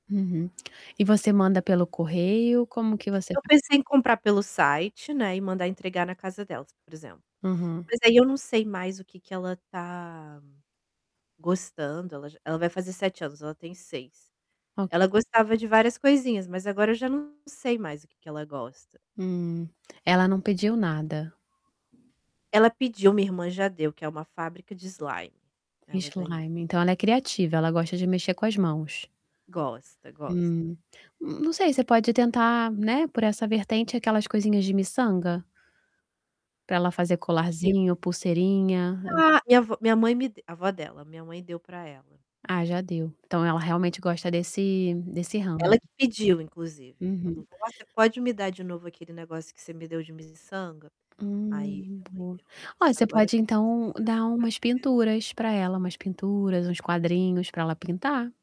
Uhum. E você manda pelo correio, como que você Eu faz? pensei em comprar pelo site, né, e mandar entregar na casa delas, por exemplo. Aham. Mas aí eu não sei mais o que que ela tá gostando, ela já ela vai fazer 7 anos ela tem 6. Ok. Ela gostava de várias coisinhas, mas agora eu já não sei mais o que que ela gosta. Hum, ela não pediu nada. Ela pediu, minha irmã já deu que é uma fábrica de slime. Ela ganhou. Slime, então ela é criativa, ela gosta de mexer com as mãos. Gosta, gosta. Hum, não sei, você pode tentar, né, por essa vertente aquelas coisinhas de miçanga? Para ela fazer Ti colarzinho, pulseirinha. Ah, e avó minha mãe me deu a avó dela, minha mãe deu pra ela. Ah, já deu, então ela realmente gosta desse desse ramo. Ela que pediu, inclusive Uhum. falou: "Vó, você pode me dar de novo aquele negócio que você me deu de miçanga?" Aí, Hum, minha mãe boa. deu o Ó, "Nossa, você agora eu pode tenho miçanga então, dar umas pra dar e vender". pinturas pra ela, umas pinturas, uns quadrinhos pra ela pintar.